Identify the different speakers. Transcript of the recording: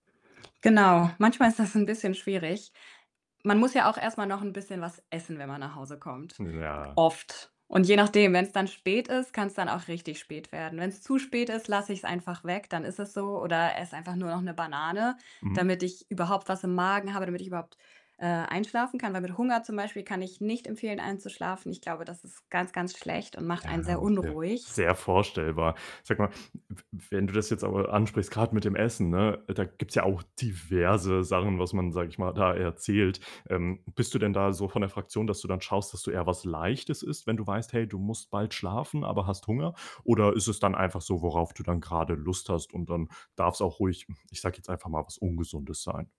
Speaker 1: Genau, manchmal
Speaker 2: [unintelligible]
Speaker 1: ist das 'n bisschen schwierig. Man muss ja auch erst mal noch 'n bisschen was essen, wenn man nach Hause kommt,
Speaker 2: Ne,
Speaker 1: g
Speaker 2: ja.
Speaker 1: oft. Und je nachdem, wenn's dann spät ist, kann's dann auch richtig spät werden. Wenn's zu spät ist, lasse ich's einfach weg, dann ist es so oder esse einfach nur noch 'ne Banane,
Speaker 2: Mhm.
Speaker 1: damit ich überhaupt was im Magen habe, damit ich überhaupt, äh, einschlafen kann. Weil mit Hunger zum Beispiel kann ich nicht empfehlen, einzuschlafen. Ich glaube, das ist ganz, ganz schlecht und macht
Speaker 2: Ja,
Speaker 1: einen sehr
Speaker 2: [unintelligible]
Speaker 1: unruhig.
Speaker 2: sehr vorstellbar. Sag mal, w w wenn du das jetzt aber ansprichst, grad mit dem Essen, ne, da gibt's ja auch diverse Sachen, was man, sag ich mal, da erzählt. Ähm, bist du denn da so von der Fraktion, dass du dann schaust, dass du eher was Leichtes isst, wenn du weißt, hey, du musst bald schlafen, aber hast Hunger? Oder ist es dann einfach so, worauf du dann gerade Lust hast und dann darf's auch ruhig, hm, ich sag jetzt einfach mal, was Ungesundes sein?